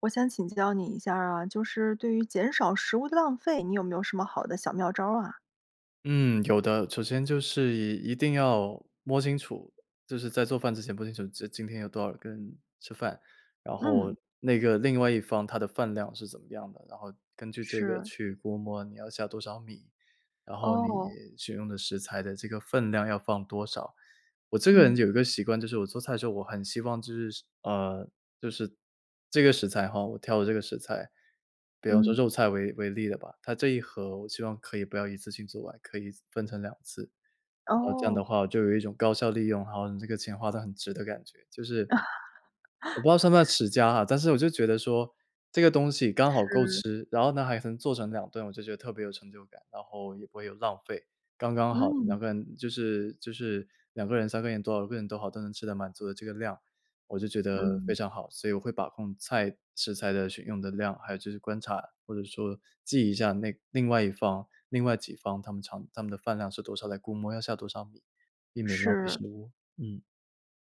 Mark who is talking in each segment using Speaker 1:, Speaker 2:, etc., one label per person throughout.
Speaker 1: 我想请教你一下儿啊，就是对于减少食物浪费，你有没有什么好的小妙招儿啊？
Speaker 2: 嗯，有的。首先就是一定要摸清楚，就是在做饭之前摸清楚，这今天有多少个人吃饭。然后
Speaker 1: 嗯。
Speaker 2: 那个另外一方他的饭量是怎么样的，然后根据这个
Speaker 1: 是。
Speaker 2: 去估摸你要下多少米，然后你
Speaker 1: 哦。
Speaker 2: 选用的食材的这个分量要放多少。我这个人
Speaker 1: 嗯。
Speaker 2: 有一个习惯，就是我做菜的时候，我很希望就是呃，就是这个食材吼，我挑的这个食材，比方说
Speaker 1: 嗯。
Speaker 2: 肉菜为为例的吧，它这一盒我希望可以不要一次性做完，可以分成2次。然后这样的
Speaker 1: 哦。
Speaker 2: 话我就有一种高效利用，然后你这个钱花得很值的感觉，就是我不知道算不算 持家啊，但是我就觉得说这个东西刚好够
Speaker 1: 是。
Speaker 2: 吃，然后呢，还能做成2顿，我就觉得特别有成就感，然后也不会有浪费，刚刚好。2
Speaker 1: 嗯。
Speaker 2: 个人就是就是2个人、3个人，多少个人都好，都能吃得满足的这个量，我就觉得非
Speaker 1: 嗯。
Speaker 2: 常好。所以我会把控菜食材的选用的量，还有就是观察，或者说记一下那另外一方另外几方他们常他们的饭量是多少，来估摸要下多少米，避免浪费
Speaker 1: 是。
Speaker 2: 食物。嗯。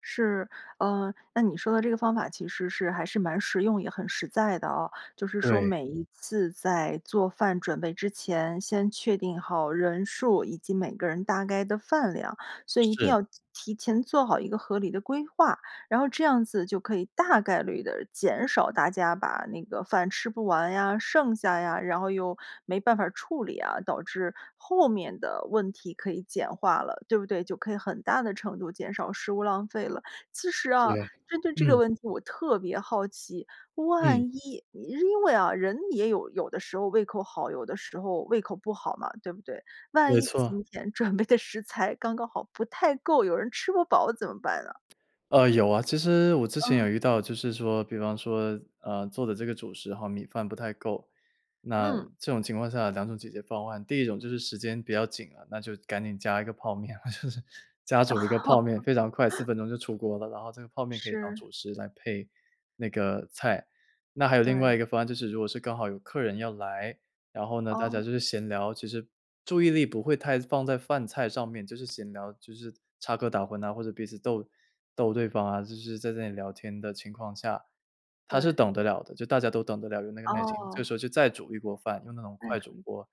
Speaker 1: 是。呃，那你说的这个方法其实是还是蛮实用，也很实在的啊。就是说
Speaker 2: 对。
Speaker 1: 每一次在做饭准备之前，先确定好人数以及每个人大概的饭量，所以一定
Speaker 2: 是。
Speaker 1: 要提提前做好一个合理的规划，然后这样子就可以大概率地减少大家把那个饭吃不完呀，剩下呀，然后又没办法处理啊，导致后面的问题可以简化了，对不对？就可以很大的程度减少食物浪费了。其实啊，
Speaker 2: 对，
Speaker 1: 针对这个
Speaker 2: 嗯。
Speaker 1: 问题，我特别好奇，万
Speaker 2: 嗯。
Speaker 1: 一你因为啊，人也有有的时候胃口好，有的时候胃口不好嘛，对不对？万
Speaker 2: 没
Speaker 1: 一
Speaker 2: 错。
Speaker 1: 今天准备的食材刚刚好不太够，有人吃不饱怎么办呢？
Speaker 2: 呃，有啊。其实我之前有
Speaker 1: 嗯。
Speaker 2: 遇到就是说比方说，呃，做的这个主食哈，米饭不太够，那
Speaker 1: 嗯。
Speaker 2: 这种情况下2种解决方案。第一种就是时间比较紧啊，那就赶紧加一个泡面，我就是加煮一个泡面，非常快，4 分钟就出锅了，然后这个泡面可以当
Speaker 1: 是。
Speaker 2: 主食来配那个菜。那还有另
Speaker 1: 对。
Speaker 2: 外一个方案，就是如果是刚好有客人要来，然后呢大家就
Speaker 1: 哦。
Speaker 2: 是闲聊，其实注意力不会太放在饭菜上面，就是闲聊，就是插科打诨呐，或者彼此逗逗对方啊。就是在这里聊天的情况下，他是
Speaker 1: 对。
Speaker 2: 等得了的，就大家都等得了，有那个耐心，这
Speaker 1: 哦。
Speaker 2: 时候就再煮一锅饭，用那种
Speaker 1: 再
Speaker 2: 快
Speaker 1: 煮
Speaker 2: 煮
Speaker 1: 一
Speaker 2: 锅，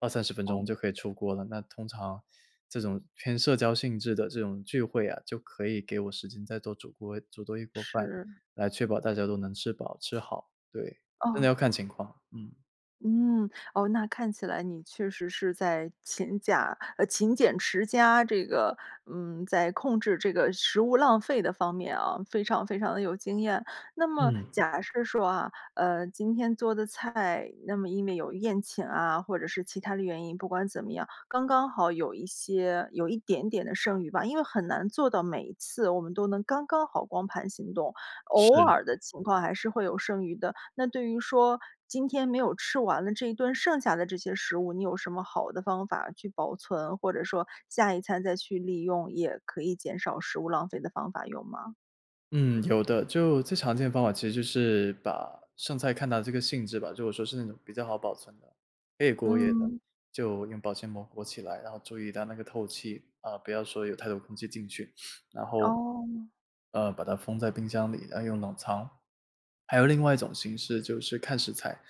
Speaker 2: 20-30分钟
Speaker 1: 哦。
Speaker 2: 就可以出锅了。那通常这种偏社交性质的这种聚会啊，就可以给我时间再多煮锅煮多一锅饭，
Speaker 1: 是。
Speaker 2: 来确保大家都能吃饱吃好，对。真的
Speaker 1: 哦。
Speaker 2: 要看情况，嗯。
Speaker 1: 嗯，哦，那看起来你确实是在勤假呃，勤俭持家，这个，嗯，在控制这个食物浪费的方面啊，非常非常的有经验。那么
Speaker 2: 嗯。
Speaker 1: 假设说啊，呃，今天做的菜，那么因为有宴请啊，或者是其它的原因。不管怎么样，刚刚好有一些有一点点的剩余吧。因为很难做到每一次我们都能刚刚好光盘行动，偶
Speaker 2: 是。
Speaker 1: 尔的情况还是会有剩余的。那对于说，今天没有吃完的这一顿剩下的这些食物，你有什么好的方法去保存？或者说下一餐再去利用，也可以减少食物浪费的方法，有吗？
Speaker 2: 嗯，有的。就，最常见的方法其实就是，把剩菜看它这个性质吧，就说是那种比较好保存的，可以过夜的，
Speaker 1: 嗯。
Speaker 2: 就用保鲜膜裹起来。然后注意到那个透气，啊，不要说有太多空气进去。然后，
Speaker 1: 哦。
Speaker 2: 呃，把它封在冰箱里，要用冷藏。还有另外一种形式，就是看食材。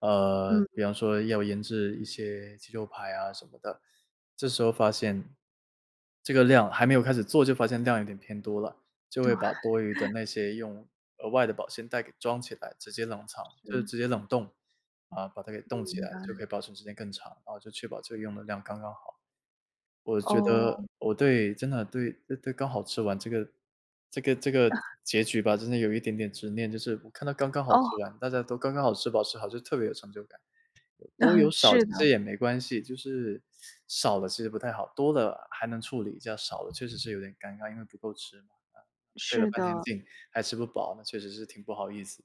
Speaker 2: 呃，
Speaker 1: 嗯。
Speaker 2: 比方说要腌制一些鸡肉排啊什么的。这时候发现这个量还没有开始做，就发现量有点偏多了。就
Speaker 1: 对。
Speaker 2: 会把多余的 那些用额外的保鲜袋给装起来，直接冷藏就是
Speaker 1: 是。
Speaker 2: 直接冷冻。啊，把它给冻起
Speaker 1: 明
Speaker 2: 来，就可
Speaker 1: 白。
Speaker 2: 以保存时间更长。啊，就确保这个用的量刚刚好。我觉
Speaker 1: 哦。
Speaker 2: 得我对真的对对对刚好吃完这个这个这个 结局吧，真的有一点点执念，就是我看到刚刚好
Speaker 1: 哦。
Speaker 2: 吃完，大家都刚刚好吃饱吃好，就特别有成就感。有多有 少，
Speaker 1: 是
Speaker 2: 其实
Speaker 1: 的。
Speaker 2: 也没关系。就是，少了其实不太好，多了还能处理一下。少了确实是有点尴尬。因为不够吃嘛，费了
Speaker 1: 是
Speaker 2: 半天
Speaker 1: 的。
Speaker 2: 劲还吃不饱，那确实是挺不好意思。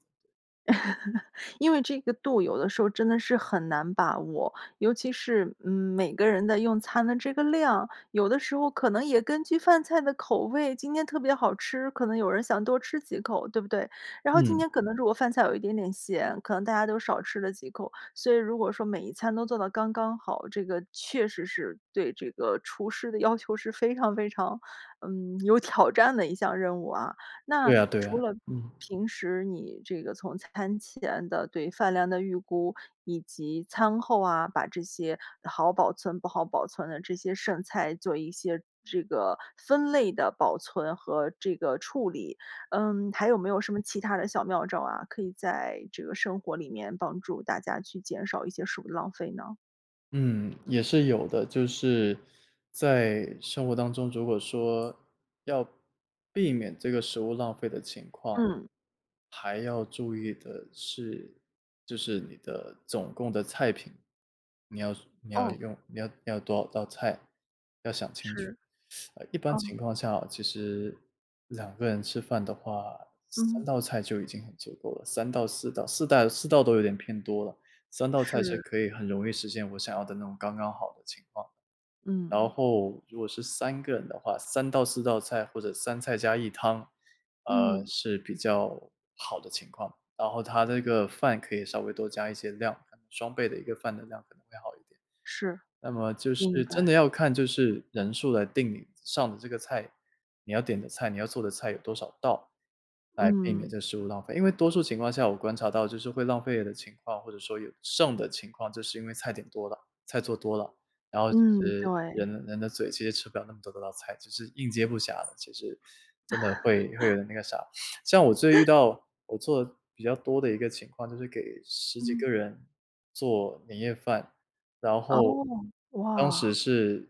Speaker 1: 因为这个度，有的时候真的是很难把握。尤其是，嗯，每个人的用餐的这个量。有的时候可能也根据饭菜的口味，今天特别好吃。可能有人想多吃几口，对不对？然后今
Speaker 2: 嗯。
Speaker 1: 天可能如果饭菜有一点点咸，可能大家都少吃了几口。所以如果说每一餐都做得刚刚好，这个确实是，对这个厨师的要求是非常非常，嗯，有挑战的一项任务啊。那，
Speaker 2: 对啊，对啊，
Speaker 1: 除了
Speaker 2: 嗯。
Speaker 1: 平时你这个，从餐前的对饭量的预估，以及餐后啊，把这些好保存、不好保存的这些剩菜做一些这个分类的保存和这个处理。嗯，还有没有什么其它的小妙招啊？可以在这个生活里面帮助大家去减少一些食物浪费呢？
Speaker 2: 嗯，也是有的。就是在生活当中，如果说要避免这个食物浪费的情况，
Speaker 1: 嗯。
Speaker 2: 还要注意的是，就是你的总共的菜品，你要说你要
Speaker 1: 哦。
Speaker 2: 用你要你要多少道菜，要想清楚。
Speaker 1: 是，
Speaker 2: 呃，一般
Speaker 1: 哦。
Speaker 2: 情况下哦，其实2个人吃饭的话，3
Speaker 1: 嗯。
Speaker 2: 道菜就已经很足够了，3道、4道4带4道都有点偏多了，3道菜其实
Speaker 1: 是。
Speaker 2: 可以很容易实现我想要的那种刚刚好的情况。然
Speaker 1: 嗯。
Speaker 2: 后如果是3个人的话，3道、4道菜或者3菜加1汤，呃，
Speaker 1: 嗯。
Speaker 2: 是比较好的情况。然后它的这个饭可以稍微多加一些量，可能双倍的一个饭的量，可能会好一点。
Speaker 1: 是，
Speaker 2: 那么就
Speaker 1: 明
Speaker 2: 是真的
Speaker 1: 白。
Speaker 2: 要看就是人数来定你上的这个菜你要点的菜你要做的菜有多少道，来避免
Speaker 1: 嗯。
Speaker 2: 这食物浪费。因为多数情况下我观察到就是会浪费的情况，或者说有剩的情况，就是因为菜点多了，菜做多了。然后其
Speaker 1: 嗯，
Speaker 2: 实
Speaker 1: 对。
Speaker 2: 人的人的嘴其实吃不了那么多的道菜，其实应接不暇了，其实真的会会有 点那个啥。像我最遇 到我做的比较多的一个情况，就是给10几
Speaker 1: 嗯。
Speaker 2: 个人做年夜饭，然
Speaker 1: 哦，
Speaker 2: 后当时
Speaker 1: 哇。
Speaker 2: 是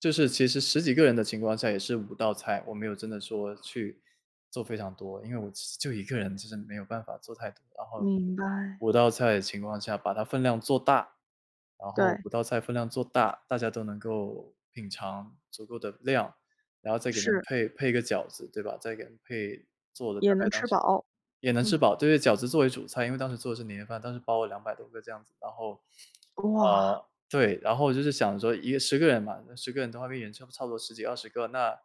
Speaker 2: 就是其实10几个人的情况下也是5道菜，我没有真的说去做非常多。因为我其实就1个人，就真的没有办法做太多。然后
Speaker 1: 明白。
Speaker 2: 5道菜的情况下，把它分量做大。然后
Speaker 1: 对。
Speaker 2: 5道菜分量做大，大家都能够品尝足够的量。然后再给他们
Speaker 1: 是。
Speaker 2: 配配一个饺子，对吧？再给他们配做的大
Speaker 1: 也
Speaker 2: 概
Speaker 1: 能
Speaker 2: 当
Speaker 1: 吃
Speaker 2: 时
Speaker 1: 饱，
Speaker 2: 也能吃
Speaker 1: 嗯。
Speaker 2: 饱，对，饺子作为主菜，因为当时做的是年夜饭，当时包了200多个这样子。然后，
Speaker 1: 哇。
Speaker 2: 呃，对，然后我就是想说一10个人嘛，那10个人的话已经差不差不多10几，20个，那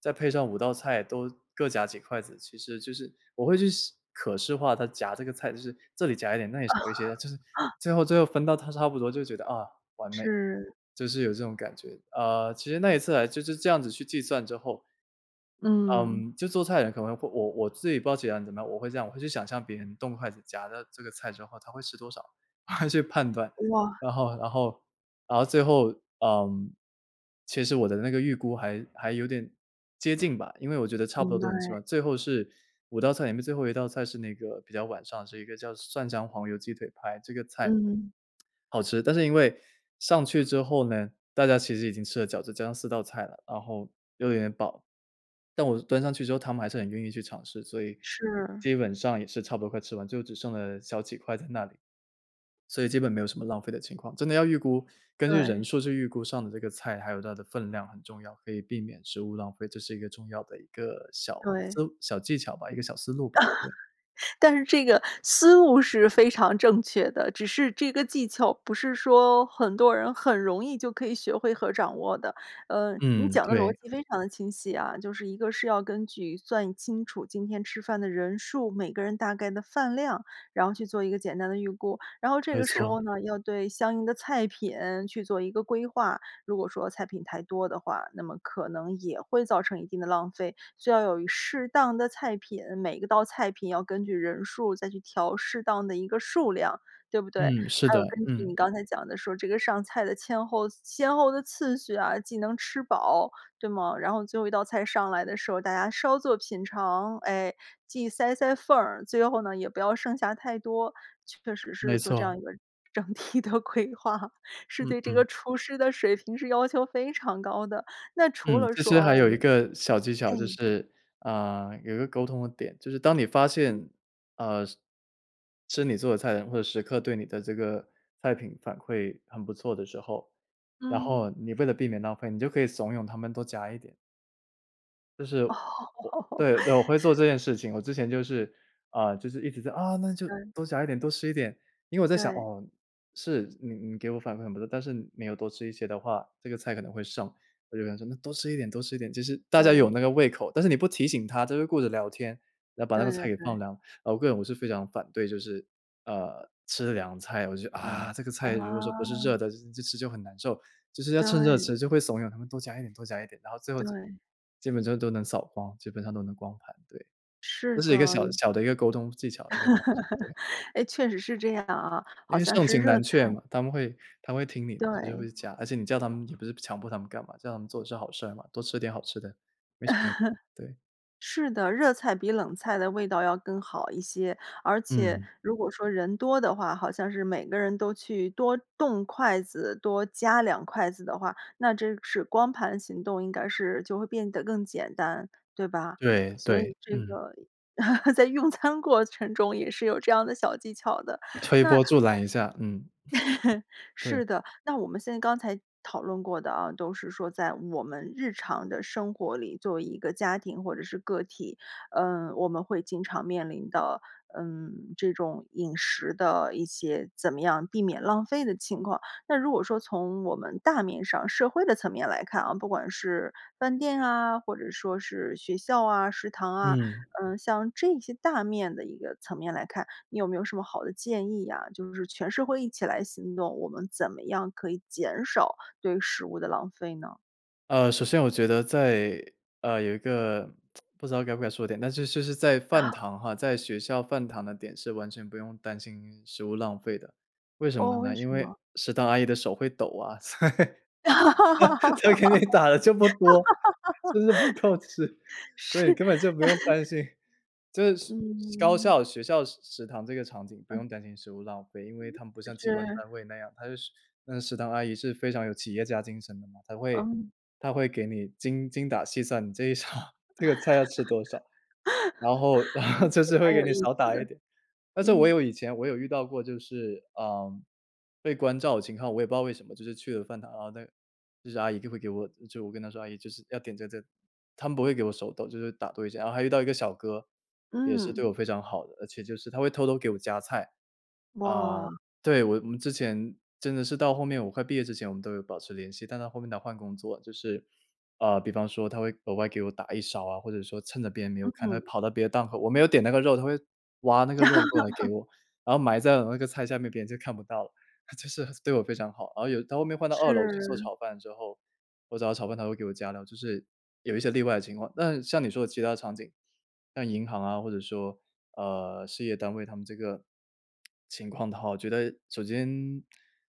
Speaker 2: 再配上5道菜都各夹几筷子，其实就是我会去视可视化他夹这个菜，就是这里夹一点，那里少一些的，就是 最后最后分到它差不多，就觉得：“啊，完美！”
Speaker 1: 是。
Speaker 2: 就是有这种感觉。呃，其实那一次来就是这样子去计算之后
Speaker 1: 嗯。
Speaker 2: 嗯，就做菜的人可能会我我自己不知道其他人怎么样，我会这样，我会去想像别人动筷子夹的这个菜之后，他会吃多少，去判断。
Speaker 1: 哇。
Speaker 2: 然后然后然后最后，嗯，其实我的那个预估还还有点接近吧，因为我觉得差不多
Speaker 1: 明
Speaker 2: 都能吃
Speaker 1: 白。
Speaker 2: 完。最后是5道菜里面最后一道菜是那个比较晚上，是一个叫蒜香黄油鸡腿排，这个菜
Speaker 1: 嗯。
Speaker 2: 好吃。但是因为上去之后呢，大家其实已经吃了饺子，加上4道菜了，然后又有点饱。但我是端上去之后，他们还是很愿意去尝试，所以
Speaker 1: 是。
Speaker 2: 基本上也是差不多快吃完，就只剩了小几块在那里，所以基本没有什么浪费的情况。真的要预估，根据人
Speaker 1: 对。
Speaker 2: 数去预估上的这个菜，还有它的分量很重要，可以避免食物浪费，这是一个重要的一个小思
Speaker 1: 对。
Speaker 2: 路小技巧吧，一个小思路吧，对。
Speaker 1: 但是这个思路是非常正确的，只是这个技巧不是说很多人很容易就可以学会和掌握的。呃，你
Speaker 2: 嗯，
Speaker 1: 讲的逻
Speaker 2: 对。
Speaker 1: 辑非常地清晰啊，就是一个是要根据算清楚今天吃饭的人数、每个人大概的饭量，然后去做一个简单的预估。然后这
Speaker 2: 没
Speaker 1: 个时
Speaker 2: 错。
Speaker 1: 候呢，要对相应的菜品去做一个规划。如果说菜品太多的话，那么可能也会造成一定的浪费。需要有一适当的菜品，每一个道菜品要根据人数再去调适当的一个数量，对不对？
Speaker 2: 嗯，是
Speaker 1: 还有根
Speaker 2: 的，
Speaker 1: 据你
Speaker 2: 嗯。
Speaker 1: 刚才讲的说这个上菜的千后先后的次序啊，既能吃饱，对吗？然后最后一道菜上来的时候，大家稍作品尝，哎，既塞塞缝儿，最后呢，也不要剩下太多，确实
Speaker 2: 没
Speaker 1: 是做这
Speaker 2: 错。
Speaker 1: 样一个整体的规划，是
Speaker 2: 嗯
Speaker 1: 对这个
Speaker 2: 嗯。
Speaker 1: 厨师的水平是要求非常高的。那除
Speaker 2: 嗯，
Speaker 1: 了
Speaker 2: 其
Speaker 1: 说，
Speaker 2: 实
Speaker 1: 哦，
Speaker 2: 还
Speaker 1: 我
Speaker 2: 有一
Speaker 1: 们
Speaker 2: 个小技巧，就
Speaker 1: 哎。
Speaker 2: 是，啊，有一个沟通的点，就是当你发
Speaker 1: 嗯。
Speaker 2: 现，啊，是吃你做的菜的人会时刻对你的这个菜品反馈很不错的时候，然
Speaker 1: 嗯。
Speaker 2: 后你为了避免浪费，你就可以怂恿他们多夹一点。就是，
Speaker 1: 哦。
Speaker 2: 我对，我会做 这件事情。我之前就是，啊，就是一直在：“啊，那就
Speaker 1: 嗯。
Speaker 2: 多夹一点，多吃一点。”因为我在想，
Speaker 1: 对。
Speaker 2: 哦，是，你你给我反馈很不错，但是没有多吃一些的话，这个菜可能会剩。我就想说那多吃一点，多吃一点。就是大家有
Speaker 1: 对。
Speaker 2: 那个胃口，但是你不提醒他，他就会顾着聊天，然后把那个
Speaker 1: 对
Speaker 2: 菜
Speaker 1: 对
Speaker 2: 给
Speaker 1: 对。
Speaker 2: 放凉。呃，我个人我是非常反对，就是，呃，吃凉菜。我就，啊，这个菜如果说不是热
Speaker 1: 哦。
Speaker 2: 的，就吃就很难受。就是要趁热
Speaker 1: 对。
Speaker 2: 吃，就会怂恿他们多夹一点多夹一点，然后最后就
Speaker 1: 对。
Speaker 2: 基本就都能扫光，基本上都能光盘，对。这
Speaker 1: 是
Speaker 2: 是一个
Speaker 1: 的，
Speaker 2: 小
Speaker 1: 有
Speaker 2: 小的一个沟通技巧的一个方式。对。
Speaker 1: 哎，确实是这样啊，
Speaker 2: 因
Speaker 1: 好
Speaker 2: 为
Speaker 1: 像
Speaker 2: 盛
Speaker 1: 是
Speaker 2: 情
Speaker 1: 热
Speaker 2: 难却
Speaker 1: 菜
Speaker 2: 嘛，他们会他们会听你，就是
Speaker 1: 对。
Speaker 2: 会讲。而且你叫他们也不是强迫他们干嘛，叫他们做的是好事儿嘛，多吃点好吃的，没什么问题，对。
Speaker 1: 是的，热菜比冷菜的味道要更好一些，而且
Speaker 2: 嗯。
Speaker 1: 如果说人多的话，好像是每个人都去多动筷子，多夹两筷子的话，那真是光盘行动应该是就会变得更简单，对吧？
Speaker 2: 对，
Speaker 1: 所以
Speaker 2: 对，
Speaker 1: 这
Speaker 2: 嗯。
Speaker 1: 个，在用餐过程中也是有这样的小技巧的。
Speaker 2: 推
Speaker 1: 那，
Speaker 2: 波
Speaker 1: 我
Speaker 2: 助澜一下，嗯。对。
Speaker 1: 是的，那我们现在刚才讨论过的啊，都是说在我们日常的生活里，作为一个家庭或者是个体，呃，我们会经常面临的，嗯，这种饮食的一些怎么样避免浪费的情况。那如果说从我们大面上社会的层面来看啊，不管是饭店啊，或者说是学校啊，食堂啊，
Speaker 2: 嗯。
Speaker 1: 嗯，像这些大面的一个层面来看，你有没有什么好的建议呀？就是全社会一起来行动，我们怎么样可以减少对食物的浪费呢？
Speaker 2: 呃，首先我觉得在呃，有一个 不知道该不该说的点，但是就就是在饭
Speaker 1: 啊。
Speaker 2: 堂哈，在学校饭堂的点是完全不用担心食物浪费的，为什么
Speaker 1: 哦，为
Speaker 2: 呢？因
Speaker 1: 什
Speaker 2: 为
Speaker 1: 么？
Speaker 2: 食堂阿姨的手会抖啊，所以，她给你打了这么多，就是不够吃，所以
Speaker 1: 是。
Speaker 2: 根本就不用担 心，就是高
Speaker 1: 嗯。
Speaker 2: 校学校食食堂这个场景，不
Speaker 1: 嗯。
Speaker 2: 用担心食物浪费，因为它们不
Speaker 1: 嗯，
Speaker 2: 像机关
Speaker 1: 是。
Speaker 2: 单位那样。她就是那个食堂阿姨是非常有企业家精神的嘛，她会
Speaker 1: 嗯。
Speaker 2: 她会给你精精打细算，你这一场这个菜要吃多少，然后然后 就
Speaker 1: 这
Speaker 2: 是
Speaker 1: 蛮
Speaker 2: 会给
Speaker 1: 有
Speaker 2: 你
Speaker 1: 意
Speaker 2: 少
Speaker 1: 思
Speaker 2: 打
Speaker 1: 的。
Speaker 2: 一点。但是我
Speaker 1: 嗯。
Speaker 2: 有以前我有遇到过，就是，嗯，被关照的情况。我也不知道为什么，就是去了饭堂，然后那个就是阿姨就会给我就我跟她说：“阿姨就是要点这这。“她们不会给我手抖，就是打多一下。然后还遇到一个小哥，也是
Speaker 1: 嗯。
Speaker 2: 对我非常好的，而且就是他会偷偷给我加菜。啊，
Speaker 1: 哇。
Speaker 2: 对，我我们之前真的是到后面，我快毕业之前我们都有保持联系，但他后面他换工作就是，呃，比方说他会额外给我打一勺啊，或者说趁着别人没有看，他会
Speaker 1: 嗯。
Speaker 2: 跑到别的档口我没有点那个肉，他会，挖那个肉过来给 我，然后埋在我那个菜下面，别人就看不到了，他就是对我非常好。然后有他后面换到2楼去做
Speaker 1: 是。
Speaker 2: 炒饭之后，我找他炒饭他会给我加料，就是，有一些例外的情况。那像你说的其它场景，像银行啊或者说，呃，事业单位他们这个情况的话，我觉得首先，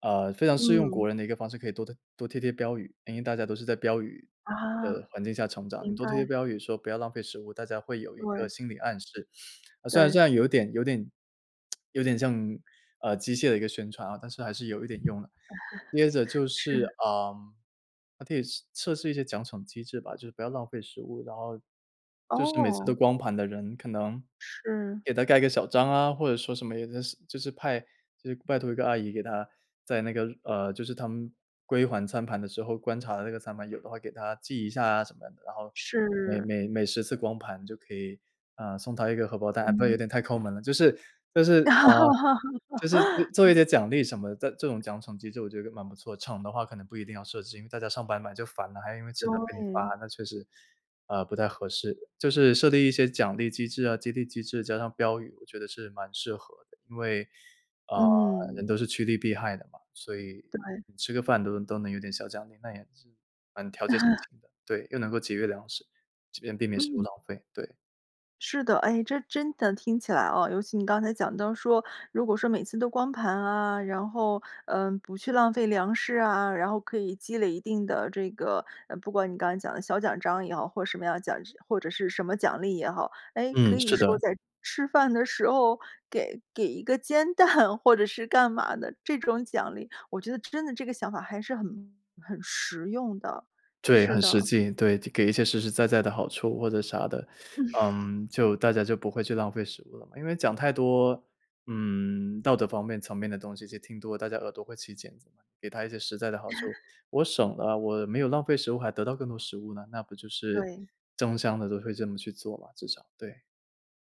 Speaker 2: 呃，非常适用
Speaker 1: 嗯。
Speaker 2: 国人的一个方式，可以多多多贴贴标语，因为大家都是在标语的
Speaker 1: 啊。
Speaker 2: 环境下成长，你
Speaker 1: 明
Speaker 2: 多
Speaker 1: 白。
Speaker 2: 贴贴标语说：“不要浪费食物。”大家会有一个
Speaker 1: 对。
Speaker 2: 心理暗示，呃，虽然虽
Speaker 1: 对。
Speaker 2: 然有点有点 有点像，呃，机械的一个宣传啊，但是还是有一点用的。接着 就是，
Speaker 1: 是。
Speaker 2: 嗯，还可以试测试一些奖惩机制吧，就是不要浪费食物，然后，就是每次都
Speaker 1: 哦。
Speaker 2: 光盘的人可能，
Speaker 1: 是。
Speaker 2: 给他盖个小章啊。或者说什么也真是就是派就是拜托一个阿姨给他，在那个呃，就是他们，归还餐盘的时候观察的那个餐盘，有的话给他记一下啊什么的。然后每
Speaker 1: 是。
Speaker 2: 每每10次光盘就可以，啊，送他一个荷包蛋，那有
Speaker 1: 嗯。
Speaker 2: 点太抠门了。就是就是，啊，就是做做一 点奖励什么的，但这种奖惩机制我觉得蛮不错，惩的话可能不一定要设置，因为大家上班嘛就烦了，还因为吃饭被你
Speaker 1: 对。
Speaker 2: 罚，那确实，呃，不太合适。就是设立一些奖励机制啊，激励机制，加上标语，我觉得是蛮适合的。因为，呃，人
Speaker 1: 嗯。
Speaker 2: 都是趋利避害的嘛，所以
Speaker 1: 对。
Speaker 2: 吃个饭都能都能有点小奖励，那也是，蛮调节心 情的。对，又能够节约粮食，既避免避免食物
Speaker 1: 嗯。
Speaker 2: 浪费，对。
Speaker 1: 是的，哎，这真的听起来啊尤其你刚才讲到说，如果说每次都光盘啊，然后，呃，不去浪费粮食啊，然后可以积累一定的这个，呃，不管你刚才讲的小奖章也好，或什么样的奖或者是什么奖励也好。哎，可
Speaker 2: 嗯，
Speaker 1: 以
Speaker 2: 是
Speaker 1: 说
Speaker 2: 的。
Speaker 1: 在吃饭的时候给给一个煎蛋或者是干嘛的，这种奖励。我觉得真的这个想法还是很很实用的，
Speaker 2: 对，
Speaker 1: 是
Speaker 2: 很实
Speaker 1: 的。
Speaker 2: 际，对。给一些实实在在的好处或者啥的。嗯，就大家就不会去浪费食物了嘛。因为讲太多，嗯，道德方面层面的东西就听多了，大家耳朵会起茧子嘛。给他一些实在的好处 我省了，我没有浪费食物还得到更多食物呢，那不就是
Speaker 1: 对。
Speaker 2: 争相地都会这么去做嘛，至少，对。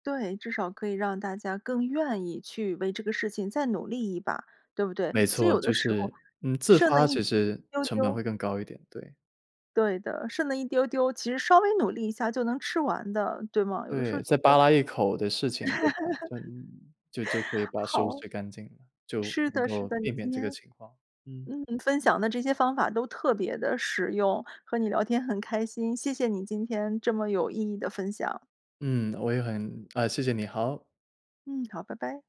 Speaker 1: 对，至少可以让大家更愿意去为这个事情再努力一把，对不对？
Speaker 2: 没
Speaker 1: 其实
Speaker 2: 错，
Speaker 1: 有
Speaker 2: 就
Speaker 1: 的时
Speaker 2: 是
Speaker 1: 候
Speaker 2: 嗯，自
Speaker 1: 剩那
Speaker 2: 发其
Speaker 1: 一
Speaker 2: 实，
Speaker 1: 丢
Speaker 2: 成本
Speaker 1: 丢
Speaker 2: 会更高一点，对。
Speaker 1: 对的，剩那一丢丢，其实稍微努力一下就能吃完的，对吗？有的时
Speaker 2: 对，
Speaker 1: 候
Speaker 2: 再
Speaker 1: 觉
Speaker 2: 扒
Speaker 1: 得
Speaker 2: 拉一口的事情对吧，就就就可以 把食物
Speaker 1: 好。
Speaker 2: 吃干净了，就
Speaker 1: 是
Speaker 2: 能
Speaker 1: 的，是
Speaker 2: 够
Speaker 1: 的，你
Speaker 2: 避
Speaker 1: 今
Speaker 2: 免这个
Speaker 1: 天
Speaker 2: 情况。嗯。
Speaker 1: 嗯，分享的这些方法都特别地实用，和你聊天很开心，谢谢你今天这么有意义的分享。
Speaker 2: 嗯，我也很啊，谢谢你，好。
Speaker 1: 嗯，好，拜拜。